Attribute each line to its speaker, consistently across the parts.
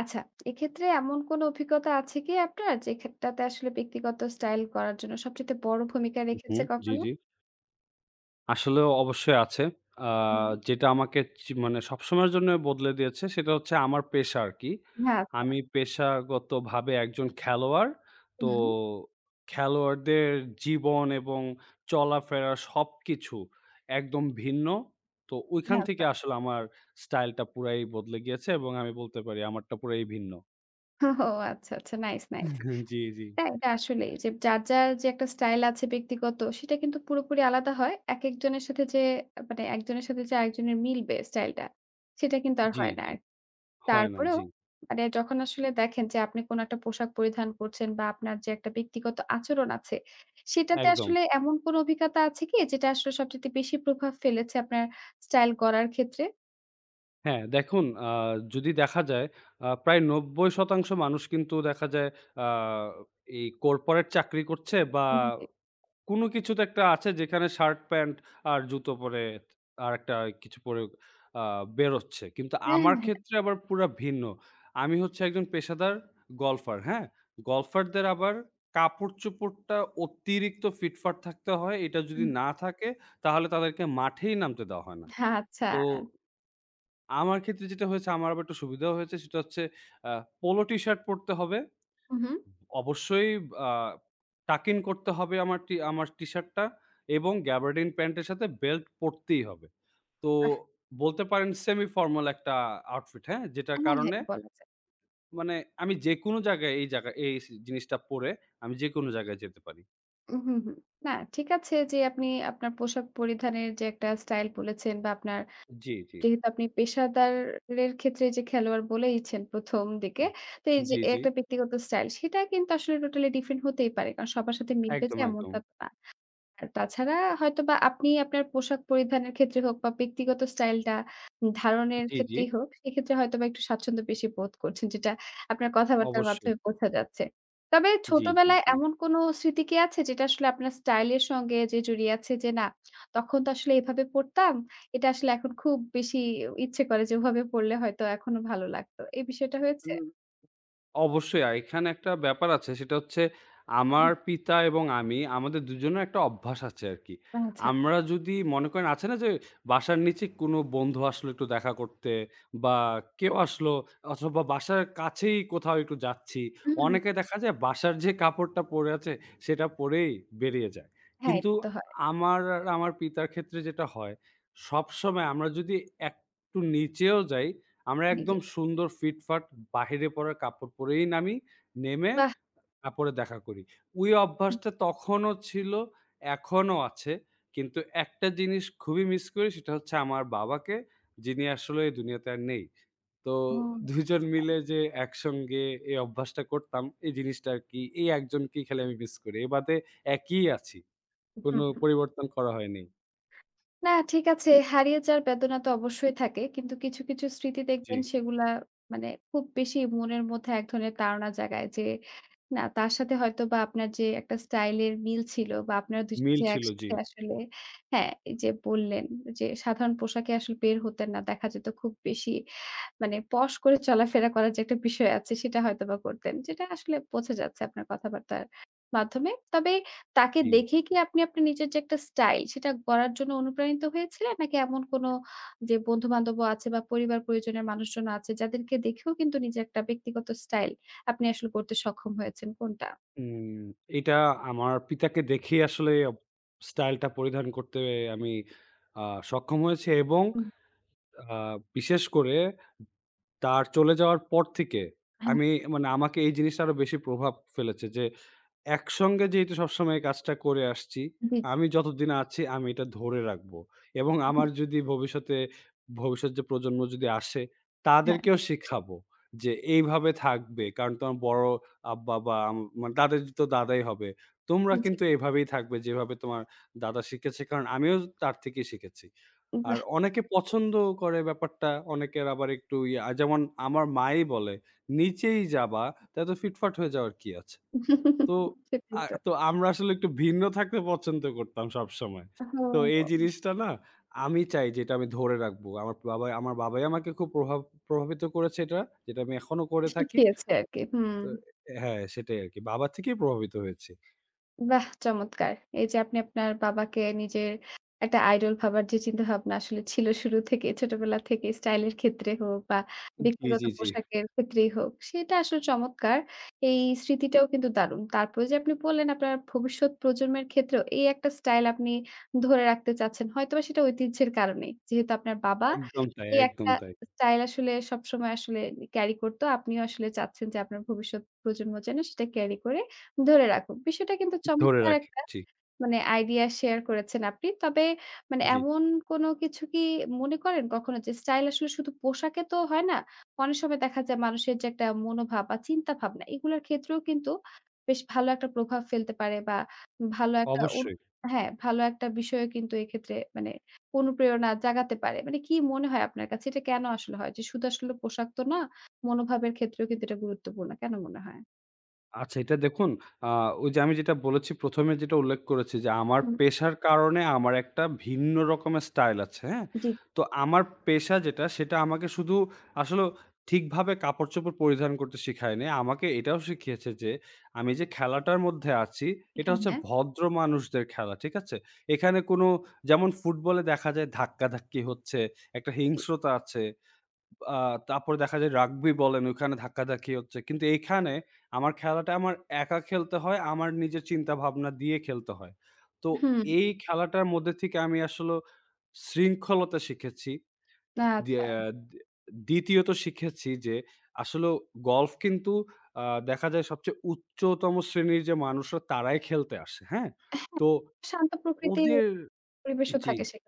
Speaker 1: আচ্ছা। এক্ষেত্রে এমন কোন অভিজ্ঞতা আছে কি আপনার যে খাতটাতে আসলে ব্যক্তিগত স্টাইল করার জন্য সবচাইতে বড় ভূমিকা
Speaker 2: হু, হু।
Speaker 1: রেখেছে
Speaker 2: জি,
Speaker 1: কখনো?
Speaker 2: জি। আসলেও অবশ্যই আছে। আ
Speaker 1: হুম।
Speaker 2: যেটা আমাকে চি মানে সবসময়ের জন্যই বদলে দিয়েছে। সেটা হচ্ছে আমার পেশা আরকি।
Speaker 1: হ্যাঁ, আচ্ছা।
Speaker 2: আমি পেশাগতভাবে একজন খেলোয়াড়। তো
Speaker 1: হুম।
Speaker 2: খেলোয়াড়দের জীবন এবং চলাফেরা সবকিছু একদম ভিন্ন। তো ওইখান
Speaker 1: হ্যাঁ,
Speaker 2: থেকে
Speaker 1: আচ্ছা।
Speaker 2: আসলে আমার স্টাইলটা পুরাই বদলে গিয়েছে এবং আমি বলতে পারি আমারটা পুরাই ভিন্ন।
Speaker 1: হোহো! আচ্ছা। আচ্ছা। নাইস! নাইস!
Speaker 2: উহ জি, জি।
Speaker 1: টা এটা আসলেই। যে যার, যার যে একটা স্টাইল আছে ব্যক্তিগত, সেটা কিন্তু পুরোপুরি আলাদা হয়। একেকজনের সাথে যে মানে একজনের সাথে যে আরেকজনের মিলবে স্টাইলটা, সেটা কিন্তু আর
Speaker 2: জি,
Speaker 1: হয় না
Speaker 2: জি।
Speaker 1: আর।
Speaker 2: হয় না।
Speaker 1: তারপরেও
Speaker 2: জি।
Speaker 1: মানে যখন আসলে দেখেন যে আপনি কোন একটা পোশাক পরিধান করছেন বা, আপনার যে একটা ব্যক্তিগত আচরণ আছে, সেটাতে
Speaker 2: একদম।
Speaker 1: আসলে এমন কোন অভিজ্ঞতা আছে কি? যেটা আসলে সবচাইতে বেশি প্রভাব ফেলেছে আপনার স্টাইল গড়ার ক্ষেত্রে?
Speaker 2: হ্যাঁ। দেখুন আ যদি দেখা যায় আ প্রায় ৯০% মানুষ কিন্তু দেখা যায় আ এই কর্পোরেট চাকরি করছে বা,
Speaker 1: হুম, হু, জি।
Speaker 2: কোনো কিছু তো একটা আছে যেখানে শার্ট, প্যান্ট আর জুতো পরে, আরেকটা কিছু পরে আ বেরোচ্ছে। কিন্তু
Speaker 1: হ্যাঁ,
Speaker 2: আমার
Speaker 1: হ্যাঁ, হ্যাঁ।
Speaker 2: ক্ষেত্রে আবার পুরা ভিন্ন। আমি হচ্ছি একজন পেশাদার গলফার, হ্যাঁ? গলফারদের আবার কাপড়চোপড়টা অতিরিক্ত ফিটফাট থাকতে হয়। এটা যদি
Speaker 1: হুম।
Speaker 2: না থাকে, তাহলে তাদেরকে মাঠেই নামতে দেওয়া হয় না।
Speaker 1: হ্যাঁ, আচ্ছা।
Speaker 2: তো আমার ক্ষেত্রে যেটা হয়েছে আমার আবার একটু সুবিধা হয়েছে সেটা হচ্ছে অ্যা পোলো টিশার্ট পরতে হবে।
Speaker 1: হু, হু।
Speaker 2: অবশ্যই বা tucking করতে হবে। আমার টি আমার টি-শার্টটা এবং gabardin প্যান্টের সাথে বেল্ট পরতেই হবে। তো
Speaker 1: আহ!
Speaker 2: বলতে পারেন semi formal একটা outfit হ্যাঁ? যেটার
Speaker 1: হ্যাঁ, হ্যাঁ।
Speaker 2: কারণে
Speaker 1: বলা যায়।
Speaker 2: মানে আমি যেকোনো জায়গায় এই জায়গায় এই জিনিসটা পরে আমি যেকোনো জায়গায় যেতে পারি।
Speaker 1: উ হুম, হুম। না, ঠিক আছে। যে আপনি আপনার পোশাক পরিধানের যে একটা স্টাইল বলেছেন বা, আপনার
Speaker 2: জি, জি।
Speaker 1: যেহেতু আপনি পেশাদারের ক্ষেত্রে যে খেলোয়াড় বলেইছেন ১ম দিকে। তো
Speaker 2: হুম,
Speaker 1: এইযে
Speaker 2: জি,
Speaker 1: এই
Speaker 2: জি।
Speaker 1: একটা ব্যক্তিগত স্টাইল, সেটা কিন্তু আসলে টোটালি ডিফারেন্ট হতেই পারে। কারণ সবার সাথে মিলবে যে
Speaker 2: একদম,
Speaker 1: এমনটা
Speaker 2: একদম।
Speaker 1: তো না। আর তাছাড়া হয়তোবা আপনি আপনার পোশাক পরিধানের ক্ষেত্রে হোক বা, ব্যক্তিগত স্টাইলটা ধারণের
Speaker 2: জি, জি।
Speaker 1: ক্ষেত্রেই হোক, সেক্ষেত্রে হয়তোবা একটু স্বাচ্ছন্দ্য বেশি বোধ করছেন, যেটা আপনার কথাবার্তার
Speaker 2: অবশ্যই।
Speaker 1: মাধ্যমে বোঝা যাচ্ছে। তবে
Speaker 2: জি, জি,
Speaker 1: ছোটবেলায়
Speaker 2: জি।
Speaker 1: এমন কোনো স্মৃতি কি আছে? যেটা আসলে আপনার স্টাইলের সঙ্গে যে জড়িয়ে আছে যে, "না, তখন তো আসলে এভাবে পরতাম, এটা আসলে এখন খুব বেশি ই ইচ্ছে করে যে ওভাবে পরলে হয়তো এখনো ভালো লাগতো।" এই বিষয়টা হয়েছে?
Speaker 2: হুম, অবশ্যই। আর এখানে একটা ব্যাপার আছে। সেটা হচ্ছে আমার
Speaker 1: হুম।
Speaker 2: পিতা এবং আমি, আমাদের দুজনের একটা অভ্যাস আছে আরকি।
Speaker 1: ও আচ্ছা।
Speaker 2: আমরা যদি মনে করেন আছে না? যে বাসার নিচে কোনো বন্ধু আসলো, একটু দেখা করতে বা কেউ আসলো অথবা বাসার কাছেই কোথাও একটু যাচ্ছি।
Speaker 1: হুম, হুম।
Speaker 2: অনেকে দেখা যায় বাসার যে কাপড়টা পরে আছে, সেটা পরেই বেরিয়ে যায়।
Speaker 1: হ্যাঁ,
Speaker 2: কিন্তু
Speaker 1: এটা তো হয়।
Speaker 2: আমার আর আমার পিতার ক্ষেত্রে যেটা হয়, সবসময় আমরা যদি একটু নিচেও যাই, আমরা
Speaker 1: জি, জি।
Speaker 2: একদম সুন্দর ফিটফাট বাহিরে পরা কাপড় পরেই নামি। নেমে
Speaker 1: বাহ!
Speaker 2: তার পরে দেখা করি। ওই
Speaker 1: হুম।
Speaker 2: অভ্যাসটা তখনও ছিল, এখনও আছে। কিন্তু একটা জিনিস খুবই মিস করি। সেটা হচ্ছে, আমার বাবাকে। যিনি আসলে এই দুনিয়াতে আর নেই। তো
Speaker 1: ওহ
Speaker 2: ২ জন মিলে
Speaker 1: আচ্ছা।
Speaker 2: যে একসঙ্গে এই অভ্যাসটা করতাম, এই জিনিসটা আরকি। এই ১ জনকেই খালি আমি মিস করি। এ বাদে একই আছি। কোনো
Speaker 1: উহুম, হুম।
Speaker 2: পরিবর্তন করা হয়নি।
Speaker 1: না, ঠিক আছে। হারিয়ে যাওয়ার বেদনা তো অবশ্যই থাকে। কিন্তু কিছু, কিছু স্মৃতি
Speaker 2: জি।
Speaker 1: দেখবেন সেগুলা মানে খুব বেশি মনের মধ্যে এক ধরনের তাড়না জাগায় যে, না, তার সাথে হয়তো বা আপনার যে একটা স্টাইলের মিল ছিল বা আপনারা ২ জন
Speaker 2: মিল
Speaker 1: যে
Speaker 2: ছিল। জি।
Speaker 1: একসাথে আসলে হ্যাঁ, এই যে বললেন যে সাধারণ পোশাকে আসলে বের হতেন না। দেখা যেত খুব বেশি মানে posh করে চলাফেরা করার যে একটা বিষয় আছে, সেটা হয়তোবা করতেন। যেটা আসলে বোঝা যাচ্ছে আপনার কথাবার্তার মাধ্যমে। তবে তাকে
Speaker 2: জি।
Speaker 1: দেখে কি আপনি আপনার নিজের যে একটা স্টাইল, সেটা গড়ার জন্য অনুপ্রাণিত হয়েছিলেন নাকি এমন কোনো যে বন্ধুবান্ধবও আছে বা পরিবার-পরিজনের মানুষজন আছে, যাদেরকে দেখেও কিন্তু নিজের একটা ব্যক্তিগত স্টাইল আপনি আসলে করতে সক্ষম হয়েছেন? কোনটা?
Speaker 2: উম এটা আমার পিতাকে দেখেই আসলে অব style টা পরিধান করতে আমি আ সক্ষম হয়েছি এবং
Speaker 1: হুম।
Speaker 2: আ বিশেষ করে তার চলে যাওয়ার পর থেকে
Speaker 1: হ্যাঁ।
Speaker 2: আমি মানে আমাকে এই জিনিসটা আরও বেশি প্রভাব ফেলেছে যে একসঙ্গে যেহেতু সবসময় এই কাজটা করে আসছি,
Speaker 1: জি।
Speaker 2: আমি যতদিন আছি, আমি এটা ধরে রাখবো এবং
Speaker 1: উ হু।
Speaker 2: আমার যদি ভবিষ্যতে, ভবিষ্যৎ যে প্রজন্ম যদি আসে,
Speaker 1: হ্যাঁ।
Speaker 2: তাদেরকেও শিখাবো যে, এইভাবে থাকবে। কারণ তোমার বড় আব্বা বা উম মানে তাদেরই তো দাদাই হবে। তোমরা
Speaker 1: হু, জি।
Speaker 2: কিন্তু এইভাবেই থাকবে, যেভাবে তোমার দাদা শিখিয়েছি কারণ আমিও তো তার থেকেই শিখেছি। আর
Speaker 1: বাহ্!
Speaker 2: অনেকে পছন্দ করে ব্যাপারটা। অনেকের আবার একটু ইয়া। যেমন, আমার মায়েই বলে, "নিচেই যাবা, তো এত ফিটফাট হয়ে যাওয়ার কী আছে?" তো
Speaker 1: সেটাই
Speaker 2: আ
Speaker 1: তো।
Speaker 2: তো আমরা আসলে একটু ভিন্ন থাকতে পছন্দ করতাম সবসময়।
Speaker 1: ও হো
Speaker 2: তো এই
Speaker 1: হো!
Speaker 2: জিনিসটা না আমি চাই যে এটা আমি ধরে রাখব। আমার বাবাই আমার বাবাই আমাকে খুব প্রভাব প্রভাবিত করেছে এটা, যেটা আমি এখনো করে থাকি
Speaker 1: শিখিয়েছে আরকি। হুম।
Speaker 2: তো অ্যা হ্যাঁ, সেটাই আরকি। বাবা থেকেই প্রভাবিত হয়েছি।
Speaker 1: বাহ চমৎকার। এই যে আপনি আপনার বাবাকে নিজের একটা idol ভাবার যে চিন্তা ভাবনা আসলে ছিল শুরু থেকে ছোটবেলা থেকেই স্টাইল ক্ষেত্রে হোক বা
Speaker 2: জি,
Speaker 1: ব্যক্তিগত
Speaker 2: জি, জি।
Speaker 1: পোশাকের ক্ষেত্রেই হোক সেটা আসলে চমৎকার। এই স্মৃতিটাও কিন্তু দারুণ। তারপরে যে আপনি বললেন আপনার ভবিষ্যৎ প্রজন্মের ক্ষেত্রেও এই একটা স্টাইল আপনি ধরে রাখতে চাচ্ছেন। হয়তোবা সেটা ঐতিহ্যের কারণেই। যেহেতু আপনার বাবা
Speaker 2: একদম তাই,
Speaker 1: এই
Speaker 2: একদম
Speaker 1: একটা
Speaker 2: তাই।
Speaker 1: স্টাইল আসলে সবসময় আসলে carry করত। আপনিও আসলে চাচ্ছেন যে আপনার ভবিষ্যৎ প্রজন্ম যেন সেটা carry করে ধরে রাখুক। বিষয়টা কিন্তু
Speaker 2: ধরে
Speaker 1: চমৎকার
Speaker 2: রাখি
Speaker 1: একটা
Speaker 2: জি।
Speaker 1: মানে idea share করেছেন আপনি। তবে মানে
Speaker 2: জি।
Speaker 1: এমন কোন কিছু কি মনে করেন কখনো যে স্টাইল আসলে শুধু পোশাকে তো হয় না। অনেক সময় দেখা যায় মানুষের যে একটা মনোভাব বা চিন্তাভাবনা এগুলার ক্ষেত্রেও কিন্তু বেশ ভালো একটা প্রভাব ফেলতে পারে বা ভালো একটা অনু
Speaker 2: অবশ্যই।
Speaker 1: হ্যাঁ, ভালো একটা বিষয়ও কিন্তু এক্ষেত্রে মানে অনুপ্রেরণা জাগাতে পারে। মানে কি মনে হয় আপনার কাছে এটা কেন আসলে হয়? যে শুধু আসলে পোশাক তো না, মনোভাবের ক্ষেত্রেও কিন্তু এটা গুরুত্বপূর্ণ। কেন মনে হয়?
Speaker 2: আচ্ছা, এটা দেখুন আ ওই যে আমি যেটা বলেছি ১ম এ যেটা উল্লেখ করেছি যে আমার
Speaker 1: হুম।
Speaker 2: পেশার কারণে আমার একটা ভিন্ন রকমের স্টাইল আছে হ্যাঁ?
Speaker 1: জি।
Speaker 2: তো আমার পেশা যেটা সেটা আমাকে শুধু আসলেও ঠিকভাবে কাপড়চোপড় পরিধান করতে শেখায়নি, আমাকে এটাও শিখিয়েছে যে আমি যে খেলাটার মধ্যে আছি এটা হচ্ছে
Speaker 1: হ্যাঁ।
Speaker 2: ভদ্র মানুষদের খেলা ঠিক আছে? এখানে কোনো যেমন ফুটবলে দেখা যায় ধাক্কাধাক্কি হচ্ছে, একটা
Speaker 1: উ জি।
Speaker 2: হিংস্রতা আছে, আ তারপরে দেখা যায় রাগবি বলেন ওইখানে ধাক্কাধাক্কি হচ্ছে। কিন্তু এইখানে আমার খেলাটা আমার একা খেলতে হয়, আমার নিজের চিন্তাভাবনা দিয়ে খেলতে হয়। তো
Speaker 1: হুম।
Speaker 2: এই খেলাটার মধ্যে থেকে আমি আসলে শৃঙ্খলতা শিখেছি দ্বিয়া
Speaker 1: আচ্ছা।
Speaker 2: দে দ্বিতীয়ত শিখেছি যে আসলেও golf কিন্তু আ দেখা যায় সবচেয়ে উচ্চতম শ্রেণীর যে মানুষরা তারাই খেলতে আসে হ্যাঁ?
Speaker 1: অ্যা হ্যাঁ,
Speaker 2: তো
Speaker 1: শান্ত প্রকৃতির
Speaker 2: ওদের
Speaker 1: পরিবেশও
Speaker 2: জি।
Speaker 1: থাকে সে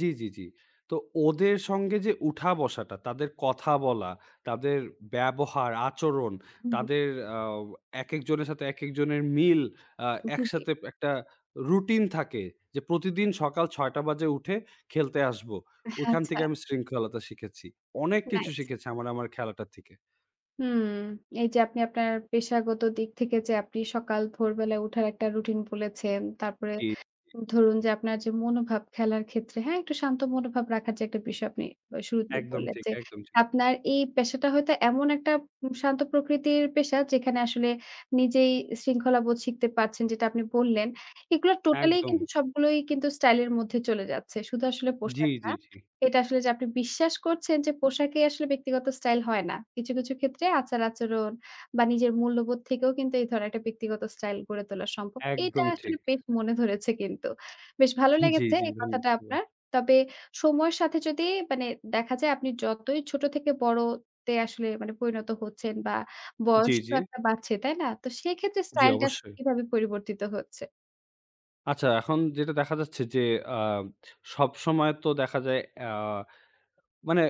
Speaker 2: জি, জি, জি। তো ওদের সঙ্গে যে উঠা বসাটা, তাদের কথা বলা, তাদের ব্যবহার, আচরণ,
Speaker 1: হু, হুম।
Speaker 2: তাদের আও একেকজনের সাথে একেকজনের মিল, আ
Speaker 1: উ জি, জি।
Speaker 2: একসাথে একটা রুটিন থাকে। যে প্রতিদিন সকাল ৬ টা বাজে উঠে খেলতে আসবো।
Speaker 1: আহ
Speaker 2: ওইখান
Speaker 1: আচ্ছা।
Speaker 2: থেকে আমি শৃঙ্খলতা শিখেছি। অনেক কিছু
Speaker 1: নাইস।
Speaker 2: শিখেছি আমার আমার খেলাটা থেকে।
Speaker 1: হুম। এইযে আপনি আপনার পেশাগত দিক থেকে যে আপনি সকাল ভোরবেলায় উঠার একটা রুটিন বলেছেন। তারপরে
Speaker 2: জি, জি।
Speaker 1: ধরুন যে আপনার যে মনোভাব খেলার ক্ষেত্রে, হ্যাঁ? একটু শান্ত মনোভাব রাখার যে একটা বিষয় আপনি আ শুরুতেই
Speaker 2: একদম
Speaker 1: বললেন
Speaker 2: ঠিক,
Speaker 1: যে,
Speaker 2: একদম ঠিক।
Speaker 1: আপনার এই পেশাটা হয়তো এমন একটা উম শান্ত প্রকৃতির পেশা। যেখানে আসলে নিজেই শৃঙ্খলাবোধ শিখতে পারছেন, যেটা আপনি বললেন। এগুলা টোটালিই কিন্তু
Speaker 2: একদম।
Speaker 1: সবগুলোই কিন্তু স্টাইলের মধ্যে চলে যাচ্ছে। শুধু আসলে
Speaker 2: জি,
Speaker 1: পোশাক
Speaker 2: জি,
Speaker 1: না,
Speaker 2: জি।
Speaker 1: এটা আসলে যে আপনি বিশ্বাস করছেন যে পোশাকই আসলে ব্যক্তিগত স্টাইল হয় না। কিছু, কিছু ক্ষেত্রে আচার আচরণ বা, নিজের মূল্যবোধ থেকেও কিন্তু এই ধরনের একটা ব্যক্তিগত স্টাইল গড়ে তোলা সম্ভব। এটা
Speaker 2: একদম
Speaker 1: আসলে
Speaker 2: ঠিক।
Speaker 1: বেশ মনে ধরেছে কিন্তু। বেশ ভালো
Speaker 2: জি,
Speaker 1: লেগেছে
Speaker 2: জি,
Speaker 1: এই কথাটা
Speaker 2: ধন্যবাদ।
Speaker 1: আপনার। তবে সময়ের সাথে যদি মানে দেখা যায় আপনি যতই ছোট থেকে বড়তে আসলে মানে পরিণত হচ্ছেন বা,
Speaker 2: জি,
Speaker 1: বয়স তো
Speaker 2: জি।
Speaker 1: একটা বাড়ছে, তাই না? তো সেক্ষেত্রে
Speaker 2: জি,
Speaker 1: স্টাইলটা আসলে
Speaker 2: অবশ্যই।
Speaker 1: কিভাবে পরিবর্তিত হচ্ছে?
Speaker 2: আচ্ছা, এখন যেটা দেখা যাচ্ছে যে, আ সবসময় তো দেখা যায় আ মানে,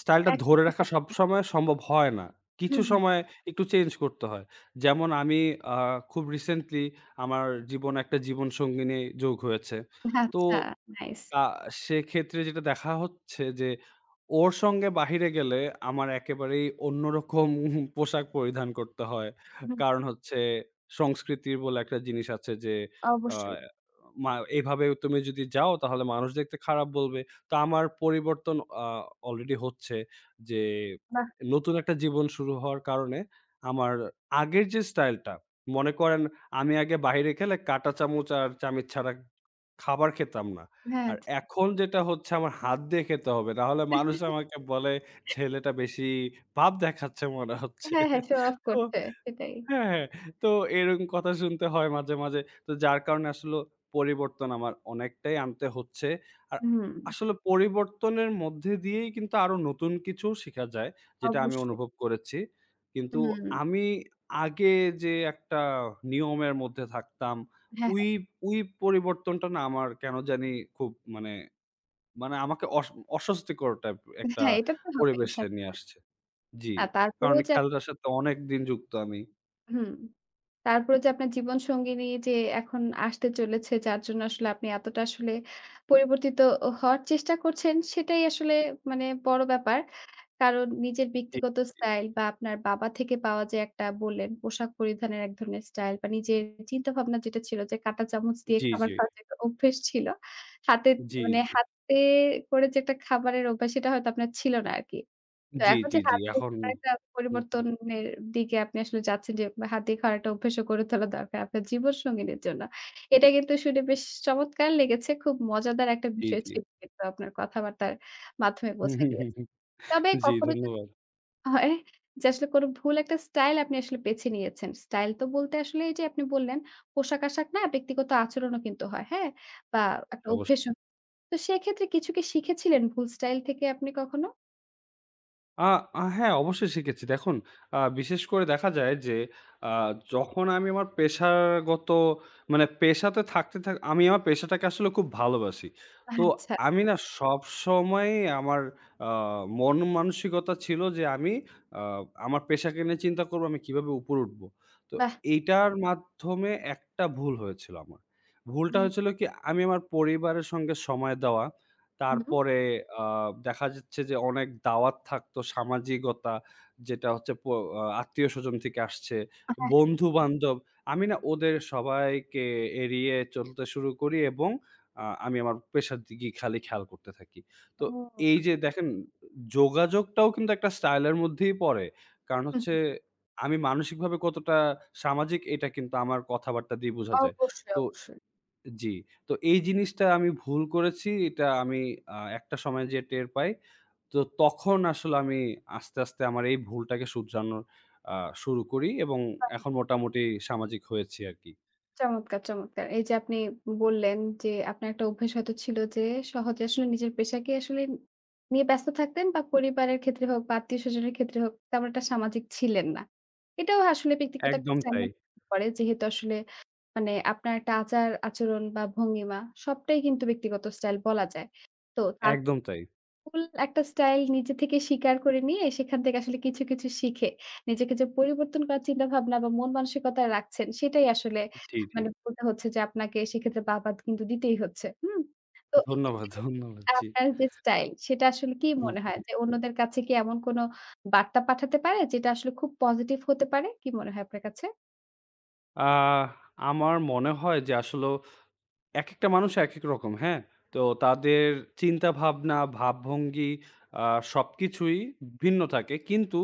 Speaker 2: স্টাইলটা
Speaker 1: এক
Speaker 2: ধরে
Speaker 1: [unintelligible]
Speaker 2: রাখা
Speaker 1: একদম।
Speaker 2: সবসময় সম্ভব হয় না।
Speaker 1: হু,
Speaker 2: কিছু
Speaker 1: হুম।
Speaker 2: সময় একটু চেঞ্জ করতে হয়। যেমন আমি আ খুব রিসেন্টলি আমার জীবনে একটা জীবনসঙ্গীনি যোগ হয়েছে। তো
Speaker 1: আচ্ছা, নাইস!
Speaker 2: আ সেক্ষেত্রে যেটা দেখা হচ্ছে যে, ওর সঙ্গে বাহিরে গেলে, আমার একেবারেই অন্যরকম পোশাক পরিধান করতে হয়।
Speaker 1: হুম।
Speaker 2: কারণ হচ্ছে সংস্কৃতি বলে একটা জিনিস আছে যে, আ
Speaker 1: অবশ্যই।
Speaker 2: ম্যা "এভাবে তুমি যদি যাও, তাহলে মানুষ দেখতে খারাপ বলবে।" তা আমার পরিবর্তন আ অলরেডি হচ্ছে। যে
Speaker 1: বাহ!
Speaker 2: নতুন একটা জীবন শুরু হওয়ার কারণে, আমার আগের যে স্টাইলটা, মনে করেন আমি আগে বাইরে খেলে, কাঁটা চামচ আর চামিচ ছাড়া খাবার খেতাম না।
Speaker 1: হ্যাঁ,
Speaker 2: আর
Speaker 1: আচ্ছা।
Speaker 2: এখন যেটা হচ্ছে, আমার হাত দিয়ে খেতে হবে। নাহলে মানুষরা আমাকে বলে, "ছেলেটা বেশি ভাব দেখাচ্ছে মনে হচ্ছে।"
Speaker 1: হ্যাঁ, হ্যাঁ। শো অফ
Speaker 2: তো
Speaker 1: করছে। সেটাই।
Speaker 2: হ্যাঁ, হ্যাঁ। তো এরকম কথা শুনতে হয় মাঝে, মাঝে। তো যার কারণে আসলে পরিবর্তন, আমার অনেকটাই আনতে হচ্ছে। আর
Speaker 1: হুম।
Speaker 2: আসলে পরিবর্তনের মধ্যে দিয়েই কিন্তু, আরো নতুন কিছুও শেখা যায়, যেটা আমি
Speaker 1: অবশ্যই।
Speaker 2: অনুভব করেছি। কিন্তু
Speaker 1: হুম।
Speaker 2: আমি আগে যে একটা নিয়মের মধ্যে থাকতাম।
Speaker 1: হ্যাঁ,
Speaker 2: ঐ-
Speaker 1: হ্যাঁ।
Speaker 2: ঐ পরিবর্তনটা না আমার কেন জানি খুব মানে মানে আমাকে অস অস্বস্তিকর টাইপ, একটা
Speaker 1: হ্যাঁ, এটা তো হবেই,
Speaker 2: পরিবেশে নিয়ে
Speaker 1: স্বাভাবিক।
Speaker 2: আসছে জি।
Speaker 1: আ
Speaker 2: কারণ
Speaker 1: তারপরেও যে আপ
Speaker 2: খেলাটার সাথে অনেকদিন যুক্ত আমি।
Speaker 1: হুম। তারপরে যে আপনার জীবনসঙ্গিনী যে এখন আসতে চলেছে যার জন্য আসলে আপনি এতটা আসলে পরিবর্তিত ও হওয়ার চেষ্টা করছেন সেটাই আসলে মানে বড় ব্যাপার। কারণ নিজের
Speaker 2: জি,
Speaker 1: ব্যক্তিগত
Speaker 2: জি।
Speaker 1: স্টাইল বা আপনার বাবা থেকে পাওয়া যে একটা বললেন পোশাক পরিধানের এক ধরনের স্টাইল বা নিজের চিন্তা ভাবনা যেটা ছিল যে কাঁটা চামচ দিয়ে
Speaker 2: জি,
Speaker 1: খাবার
Speaker 2: জি।
Speaker 1: খাওয়ার যে একটা অভ্যেস ছিল। হাতে
Speaker 2: জি,
Speaker 1: মানে
Speaker 2: জি।
Speaker 1: হাতে করে যে একটা খাবারের অভ্যাস সেটা হয়তো আপনার ছিল না আরকি। তো
Speaker 2: জি,
Speaker 1: এখন
Speaker 2: জি,
Speaker 1: যে
Speaker 2: জি,
Speaker 1: হাত দিয়ে
Speaker 2: এখন
Speaker 1: একটা
Speaker 2: নতুন।
Speaker 1: পরিবর্তনের দিকে আপনি আসলে যাচ্ছেন যে হাত দিয়ে খাওয়ার একটা অভ্যাস করে তোলা দরকার আপনার জীবন সঙ্গিনীর জন্য। এটা কিন্তু শুনে বেশ চমৎকার লেগেছে খুব মজাদার একটা
Speaker 2: জি,
Speaker 1: বিষয়
Speaker 2: জি।
Speaker 1: ছিল কিন্তু আপনার কথাবার্তার মাধ্যমে বোঝা গিয়েছে। তবে
Speaker 2: জি,
Speaker 1: কখনো যদি
Speaker 2: ধন্যবাদ।
Speaker 1: হয় যে আসলে কোন ভুল একটা স্টাইল আপনি আসলে বেছে নিয়েছেন। স্টাইল তো বলতে আসলে এই যে আপনি বললেন, পোশাক-আশাক না ব্যক্তিগত আচরণও কিন্তু হয় হ্যাঁ? বা একটা
Speaker 2: অবশ্যই।
Speaker 1: অভ্যেসও। তো সেক্ষেত্রে কিছু কি শিখেছিলেন ভুল স্টাইল থেকে আপনি কখনো?
Speaker 2: আ আ হ্যাঁ, অবশ্যই শিখেছি। দেখুন আ বিশেষ করে দেখা যায় যে আ যখন আমি আমার পেশাগত মানে পেশাতে থাকতে থা আমি আমার পেশাটাকে আসলে খুব ভালোবাসি। তো
Speaker 1: আচ্ছা।
Speaker 2: আমি না সবসময় আমার আ মনমানসিকতা ছিল যে আমি আ আমার পেশাকে নিয়ে চিন্তা করবো আমি কীভাবে উপরে উঠবো? তো
Speaker 1: বাহ!
Speaker 2: এটার মাধ্যমে একটা ভুল হয়েছিল আমার। ভুলটা
Speaker 1: হুম।
Speaker 2: হয়েছিল কি আমি আমার পরিবারের সঙ্গে সময় দেওয়া
Speaker 1: হুম।
Speaker 2: তারপরে আ দেখা যাচ্ছে যে অনেক দাওয়াত থাকতো সামাজিকতা যেটা হচ্ছে প আ আত্মীয়স্বজন থেকে আসছে,
Speaker 1: আ হ্যাঁ, হ্যাঁ।
Speaker 2: বন্ধু-বান্ধব আমি না ওদের সবাইকে এড়িয়ে চলতে শুরু করি এবং আ আমি আমার পেশার দিকই খালি খেয়াল করতে থাকি। তো এই
Speaker 1: ওহ।
Speaker 2: যে দেখেন যোগাযোগটাও কিন্তু একটা স্টাইলের মধ্যেই পড়ে। কারণ
Speaker 1: হুম,
Speaker 2: হচ্ছে
Speaker 1: হুম।
Speaker 2: আমি মানসিকভাবে কতটা সামাজিক এটা কিন্তু আমার কথাবার্তা দিয়ে বোঝা যায়।
Speaker 1: অবশ্যই,
Speaker 2: তো
Speaker 1: অবশ্যই।
Speaker 2: জি, তো এই জিনিসটা আমি ভুল করেছি এটা আমি আ একটা সময় যেয়ে টের পাই। তো তখন আসলে আমি আস্তে, আস্তে আমার এই ভুলটাকে শুধরানো আ শুরু করি এবং
Speaker 1: বাহ!
Speaker 2: এখন মোটামুটি সামাজিক হয়েছি আরকি।
Speaker 1: চমৎকার, চমৎকার এই যে আপনি বললেন যে, আপনার একটা অভ্যেস হয়তো ছিল যে সহজে আসলে নিজের পেশাকে আসলে নিয়ে ব্যস্ত থাকতেন বা পরিবারের ক্ষেত্রে হোক বা আত্মীয় স্বজনের ক্ষেত্রে হোক তেমন একটা সামাজিক ছিলেন না। এটাও আসলে ব্যক্তিগত একটা
Speaker 2: একদম তাই।
Speaker 1: স্টাইলের মধ্যে পড়ে যেহেতু আসলে মানে আপনার একটা আচার-আচরণ বা ভঙ্গিমা সবটাই কিন্তু ব্যক্তিগত স্টাইল বলা যায়। তো আ
Speaker 2: একদম তাই।
Speaker 1: full একটা স্টাইল নিজে থেকে স্বীকার করে নিয়ে সেখান থেকে আসলে কিছু, কিছু শিখে নিজেকে যে পরিবর্তন করার চিন্তাভাবনা বা মন মানসিকতা রাখছেন সেটাই আসলে
Speaker 2: জি, জি।
Speaker 1: মানে বলতে হচ্ছে যে আপনাকে সেক্ষেত্রে বাহবা কিন্তু দিতেই হচ্ছে হুম? তো
Speaker 2: ধন্যবাদ,
Speaker 1: এক্ষেত্রে
Speaker 2: ধন্যবাদ জি।
Speaker 1: আপনার যে স্টাইল সেটা আসলে কি
Speaker 2: হুম,
Speaker 1: মনে হয়?
Speaker 2: হুম।
Speaker 1: যে অন্যদের কাছে কি এমন কোন বার্তা পাঠাতে পারে যেটা আসলে খুব positive হতে পারে? কী মনে হয় আপনার কাছে?
Speaker 2: আ আমার মনে হয় যে, আসলেও একেকটা মানুষ একেক রকম, হ্যাঁ? তো তাদের চিন্তাভাবনা, ভাবভঙ্গি আ সবকিছুই ভিন্ন থাকে। কিন্তু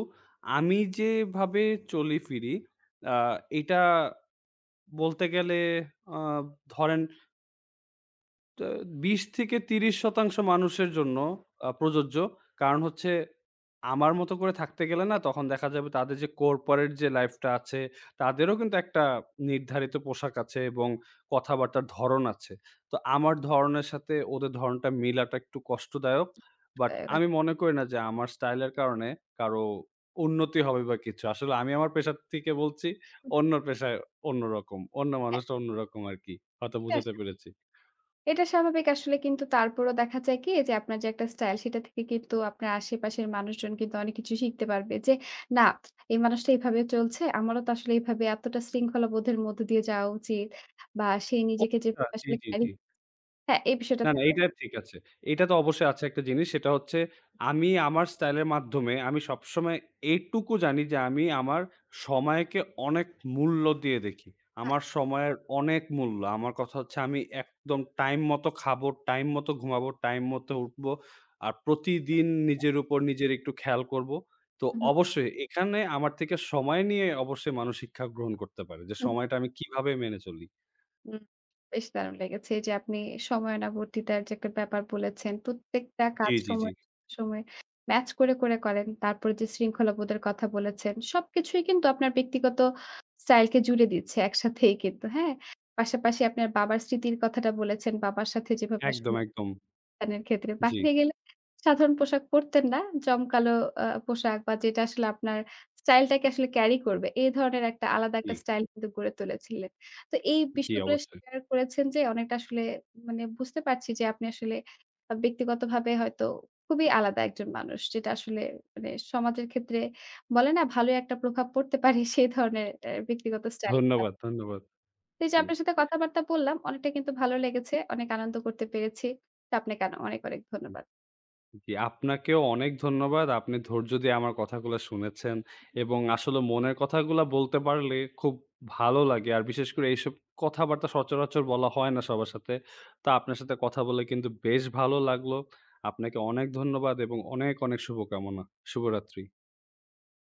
Speaker 2: আমি যেভাবে চলি-ফিরি, আ এটা বলতে গেলে আ ধরেন তা ২০-৩০% মানুষের জন্য আ প্রযোজ্য। কারণ হচ্ছে, আমার মতো করে থাকতে গেলে না? তখন দেখা যাবে তাদের যে, কর্পোরেট যে লাইফটা আছে, তাদেরও কিন্তু একটা নির্ধারিত পোশাক আছে এবং কথাবার্তার ধরন আছে। তো আমার ধরনের সাথে, ওদের ধরণটা মিলটা একটু কষ্টদায়ক। বাট
Speaker 1: [unintelligible]
Speaker 2: আমি মনে করি না যে, আমার স্টাইলের কারণে কারো উন্নতি হবে বা কিছু। আসলে আমি আমার পেশা থেকে বলছি,
Speaker 1: হুম।
Speaker 2: অন্য পেশায় অন্যরকম। অন্য
Speaker 1: হ্যাঁ।
Speaker 2: মানুষটা অন্যরকম আরকি। হয়তো
Speaker 1: এটা
Speaker 2: বুঝাতে
Speaker 1: আসে
Speaker 2: পেরেছি।
Speaker 1: এটা স্বাভাবিক। আসলে কিন্তু তারপরও দেখা যায় কি? যে, আপনার যে একটা স্টাইল, সেটা থেকে কিন্তু আপনার আশেপাশের মানুষজন কিন্তু অনেক কিছু শিখতে পারবে যে, "না এই মানুষটা এভাবে চলছে, আমারও তো আসলে এভাবে, এতটা শৃঙ্খলা বোধের মধ্যে দিয়ে যাওয়া উচিত।" বা সে
Speaker 2: ও!
Speaker 1: নিজেকে যে
Speaker 2: আচ্ছা। জি,
Speaker 1: আসলে
Speaker 2: জি,
Speaker 1: ক্যারি
Speaker 2: জি।
Speaker 1: হ্যাঁ এই বিষয়টা
Speaker 2: না, না,
Speaker 1: থাকা উ
Speaker 2: এইটা ঠিক আছে। এইটা তো
Speaker 1: [unintelligible]
Speaker 2: অবশ্যই আছে একটা জিনিস সেটা হচ্ছে, আমি আমার স্টাইলের মাধ্যমে আমি সবসময় এইটুকু জানি যে, আমি আমার সময়কে অনেক মূল্য দিয়ে দেখি,
Speaker 1: বাহ!
Speaker 2: আমার সময়ের অনেক মূল্য। আমার কথা হচ্ছে, আমি একদম টাইম মতো খাবো, টাইম মতো ঘুমাবো, টাইম মতো উঠবো আর প্রতিদিন
Speaker 1: [unintelligible]
Speaker 2: নিজের উপর, নিজের একটু খেয়াল করবো। তো
Speaker 1: হু, হু।
Speaker 2: অবশ্যই, এখানে আমার থেকে সময় নিয়ে অবশ্যই মানুষ শিক্ষা গ্রহণ করতে পারে যে,
Speaker 1: হুম।
Speaker 2: সময়টা আমি কীভাবে মেনে চলি।
Speaker 1: হুম, বেশ দারুণ লেগেছে। এইযে আপনি সময়ানুবর্তিতার যে একটা ব্যাপার বলেছেন, প্রত্যেকটা
Speaker 2: জি,
Speaker 1: কাজ
Speaker 2: জি, জি।
Speaker 1: সময়ে সময়ে ম্যাচ করে, করে করেন। তারপরে যে শৃঙ্খলাবোধের কথা বলেছেন। সবকিছুই কিন্তু আপনার ব্যক্তিগত স্টাইলকে জুড়ে দিয়েচ্ছে, একসাথেই কিন্তু। হ্যাঁ? পাশাপাশি আপনার বাবার স্মৃতির কথাটা বলেছেন, বাবার সাথে যেভাবে আসলে
Speaker 2: একদম,
Speaker 1: [unintelligible]
Speaker 2: একদম।
Speaker 1: নের ক্ষেত্রে,
Speaker 2: জি।
Speaker 1: বাহিরে গেলে সাধারণ পোশাক পরতেন না। জমকালো আ পোশাক বা যেটা আসলে আপনার স্টাইলটাকে আসলে ক্যারি করবে। এ ধরনের একটা আলাদা একটা
Speaker 2: জি।
Speaker 1: স্টাইল কিন্তু গড়ে তুলেছিলেন। তো এই
Speaker 2: জি,
Speaker 1: বিষয়গুলো
Speaker 2: অবশ্যই।
Speaker 1: শেয়ার করেছেন যে, অনেকটা আসলে মানে বুঝতে পারছি যে, আপনি আসলে বা ব্যক্তিগতভাবে হয়তো খুবই আলাদা একজন মানুষ। যেটা আসলে মানে সমাজের ক্ষেত্রে বলে না? ভালোই একটা প্রভাব পড়তে পারে? সেই ধরনের একটা ব্যক্তিগত স্টাইল আপ
Speaker 2: ধন্যবাদ, ধন্যবাদ।
Speaker 1: এই যে
Speaker 2: জি।
Speaker 1: আপনার সাথে কথাবার্তা বললাম। অনেকটাই কিন্তু ভালো লেগেছে, অনেক আনন্দ করতে পেরেছি। তো আপনাকে আন অনেক, অনেক ধন্যবাদ।
Speaker 2: জি, আপনাকেও অনেক ধন্যবাদ। আপনি ধৈর্য দিয়ে আমার কথাগুলা শুনেছেন এবং আসলেও মনের কথাগুলা বলতে পারলে, খুব ভালো লাগে। আর বিশেষ করে, এইসব কথাবার্তা সচরাচর বলা হয় না সবার সাথে। তা আপনার সাথে কথা বলে কিন্তু বেশ ভালো লাগলো। আপনাকে অনেক ধন্যবাদ এবং অনেক, অনেক শুভকামনা। শুভরাত্রি।